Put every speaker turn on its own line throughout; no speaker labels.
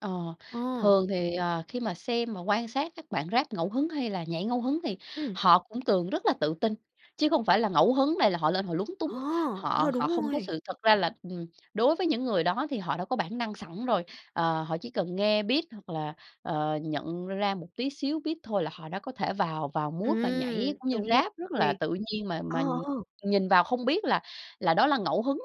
Ờ,
Ờ.
thường thì, ờ, khi mà xem mà quan sát các bạn Rap ngẫu hứng hay là nhảy ngẫu hứng thì
Ừm.
họ cũng thường rất là tự tin chứ không phải là ngẫu hứng này là họ lên họ lúng túng,
Ờ,
họ
ờ,
họ
đúng
không có
rồi.
sự thật ra là ừm, đối với những người đó thì họ đã có bản năng sẵn rồi, ờ, họ chỉ cần nghe beat hoặc là, ờ, nhận ra một tí xíu beat thôi là họ đã có thể vào vào mood và nhảy
Ừm,
cũng như
đúng
Rap rất là
rồi,
tự nhiên mà
ờ,
mà
ừ.
nhìn vào không biết là là đó là ngẫu hứng,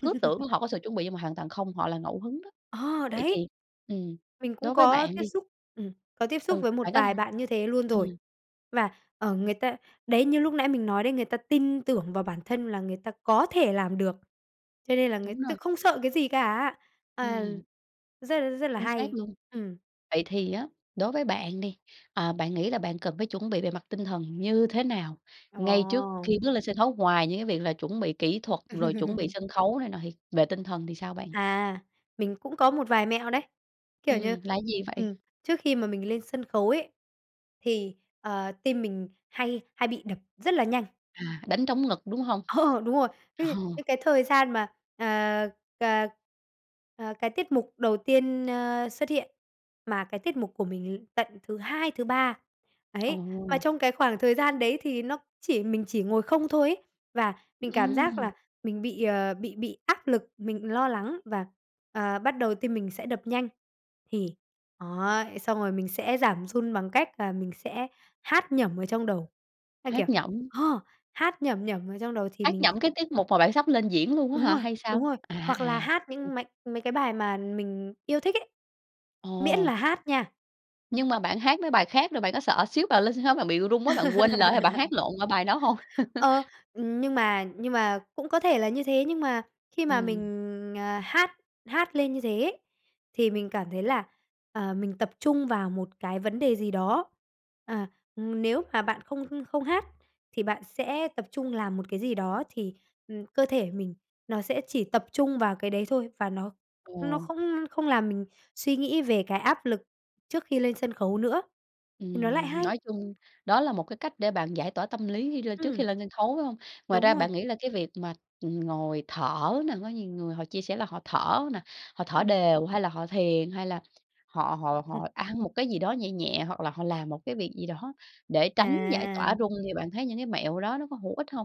cứ tưởng họ có sự chuẩn bị nhưng mà hoàn toàn không, họ là ngẫu hứng đó.
Ờ,
Vậy
đấy.
thì ừm,
Mình cũng
đối với
có
bạn
tiếp
đi
xúc, ừm, có tiếp xúc
Ừ,
với một
bạn có thể
vài bạn như thế luôn rồi
ừm.
và, ờ, người ta đấy, như lúc nãy mình nói đấy, người ta tin tưởng vào bản thân là người ta có thể làm được cho nên là người
Đúng
ta
rồi.
không sợ cái gì cả, à,
Ừm.
rất, rất là
Chính xác
hay.
luôn.
Ừm.
Vậy thì á, đối với bạn đi, à, bạn nghĩ là bạn cần phải chuẩn bị về mặt tinh thần như thế nào? Ngay trước
Ồ.
khi bước lên sân khấu ngoài những cái việc là chuẩn bị kỹ thuật rồi chuẩn bị sân khấu này nọ thì về tinh thần thì sao bạn?
À, mình cũng có một vài mẹo đấy, kiểu như
Ừm, là cái gì vậy?
ừm, trước khi mà mình lên sân khấu ấy thì, ờ, tim mình hay hay bị đập rất là nhanh.
À, đánh trống ngực đúng hông?
Ờ, đúng rồi, cái
Ờ.
gì? Những cái thời gian mà, à, cà, à, cái tiết mục đầu tiên, a, xuất hiện, mà cái tiết mục của mình l tận thứ 2, thứ 3, ấy. Mà
Ồ!
trong cái khoảng thời gian đấy thì nó chỉ mình chỉ ngồi không thôi ấy và mình cảm giác
Ừm.
là mình bị, ờ, bị bị áp lực, mình lo lắng và, à, bắt đầu tim mình sẽ đập nhanh. Thì, ấy, xong rồi mình sẽ giảm run bằng cách là mình sẽ hát nhẩm ở trong đầu. A, kiểu
Hát nhẩm.
ờ, hát nhẩm nhẩm ở trong đầu thì
Hát
mình
nhẩm cái tiết mục mà bạn sắp lên diễn luôn á
Đúng
hả
rồi,
hay sao?
đúng rồi.
À,
Hoặc là
à.
hát
Ừm
những mấy mấy cái bài mà mình yêu thích ấy, miễn
Ồ!
là hát nha.
Nhưng mà bạn hát mấy bài khác rồi bạn có sợ xíu bào lên sân khấu bạn bị run quá bạn quên lời hay bạn hát lộn qua bài đó hông?
Ờ, ừm, nhưng mà nhưng mà cũng có thể là như thế nhưng mà khi mà
Ừm.
mình, à, hát hát lên như thế ấy, thì mình cảm thấy là, à, mình tập trung vào một cái vấn đề gì đó, à, ừm. Nếu mà bạn không h không hát thì bạn sẽ tập trung làm một cái gì đó thì, ừm, cơ thể mình nó sẽ chỉ tập trung vào cái đấy thôi và nó nó
Ồ.
không không làm mình suy nghĩ về cái áp lực trước khi lên sân khấu nữa, thì nó lại
Ừm,
hay.
nói chung đó là 1 cái cách để bạn giải tỏa tâm lý khi lên trước khi
Ừm.
lên sân khấu, phải hông? Ngoài
Đúng
ra
rồi.
bạn nghĩ là cái việc mà, ừm, ngồi thở nè, có nhiều người họ chia sẻ là họ thở nè, họ thở
Ừm.
đều hay là họ thiền hay là họ họ họ ăn một cái gì đó nhẹ nhẹ hoặc là họ làm 1 cái việc gì đó để tránh giải tỏa
À.
run thì bạn thấy những cái mẹo đó nó có hữu ích hông?